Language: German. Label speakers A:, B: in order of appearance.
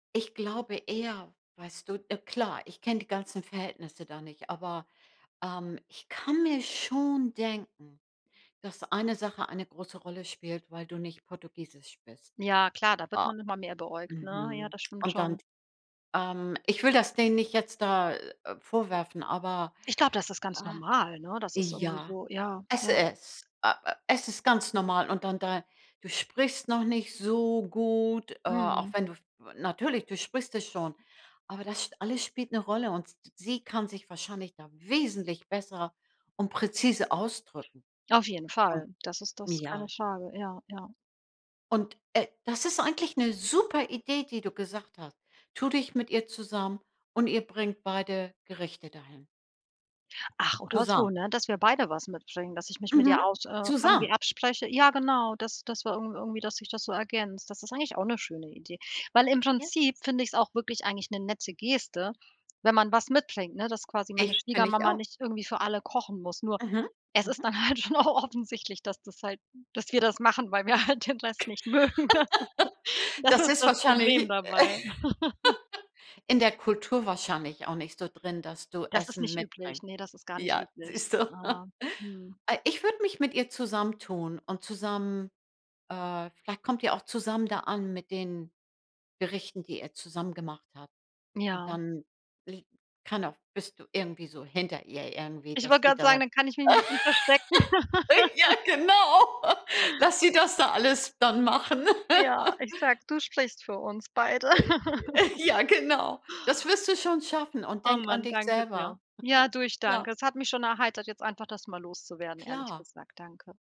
A: Ich glaube eher, weißt du? Äh, klar, ich kenne die ganzen Verhältnisse da nicht, aber, ähm, ich kann mir schon denken, dass eine Sache eine große Rolle spielt, weil du nicht Portugiesisch bist.
B: Ja, klar, da wird
A: O
B: man noch mal mehr beäugt, ne? Ja,
A: mhm.
B: das stimmt
A: Und dann
B: schon.
A: ähm, ich will das denen nicht jetzt da, äh, vorwerfen, aber
B: Ich glaube, das ist ganz
A: ah
B: normal, ne? Das ist irgendwie
A: ja,
B: so ja,
A: es
B: ja.
A: ist äh äh, es ist ganz normal und dann da du sprichst noch nicht so gut, äh, auch
B: Mhm.
A: wenn du, w natürlich, du sprichst es schon, aber das sch alles spielt 'ne Rolle und s sie kann sich wahrscheinlich da wesentlich besser und präzise ausdrücken.
B: Auf jeden
A: Mhm,
B: Fall, das ist das keine
A: ja.
B: Frage, ja, ja.
A: Und, äh, das ist eigentlich 'ne super Idee, die du gesagt hast. Tu dich mit ihr zusammen und ihr bringt beide Gerichte dahin.
B: Ach, oder so,
A: Zusammen.
B: ne? Dass wir beide was mitbringen, dass ich mich mit ihr
A: Mhm.
B: aus äh, irgendwie
A: Zusammen.
B: abspreche. Ja genau, das das wir irgend irgendwie dass sich das so ergänzt. Das ist eigentlich auch 'ne schöne Idee, weil im
A: Ja.
B: Prinzip finde ich's auch wirklich eigentlich 'ne nette Geste, wenn man was mitbringt, ne? Dass quasi meine
A: Ich kenne ich
B: Schwiegermama
A: auch.
B: nicht irgendwie für alle kochen muss. Nur
A: Mhm.
B: es ist
A: Mhm.
B: dann halt schon auch offensichtlich, dass das halt dass wir das machen, weil wir halt den Rest nicht mögen, ne? Das
A: Das
B: ist
A: ist
B: das Problem
A: wahrscheinlich, äh
B: dabei.
A: in der Kultur wahrscheinlich auch nicht so drin, dass du
B: Das ist
A: Essen
B: nicht üblich.
A: mitbringst.
B: Ne, das ist gar nicht
A: Ja,
B: üblich.
A: siehst
B: Äh,
A: du.
B: hm.
A: Ah ich würde mich mit ihr zusammentun und zusammen äh, vielleicht kommt ihr auch zusammen da an mit den Gerichten, die ihr zusammen gemacht habt. Und
B: Ja.
A: dann li keiner bist du irgendwie so hinter ihr irgendwie,
B: Ich wollte
A: dass die
B: grade sagen,
A: da
B: dann kann ich mich 'n bisschen verstecken.
A: ja, genau. Lass sie das da alles dann machen.
B: Ja, ich sage, du sprichst für uns beide.
A: [unintelligible] Ja, genau. Das wirst du schon schaffen. Und
B: Oh
A: denke an
B: man,
A: dich
B: danke dir.
A: selber.
B: Ja, du, ich
A: Ja.
B: danke. Es hat mich schon erheitert, jetzt einfach das mal loszuwerden, ehrlich
A: Klar.
B: gesagt. Danke.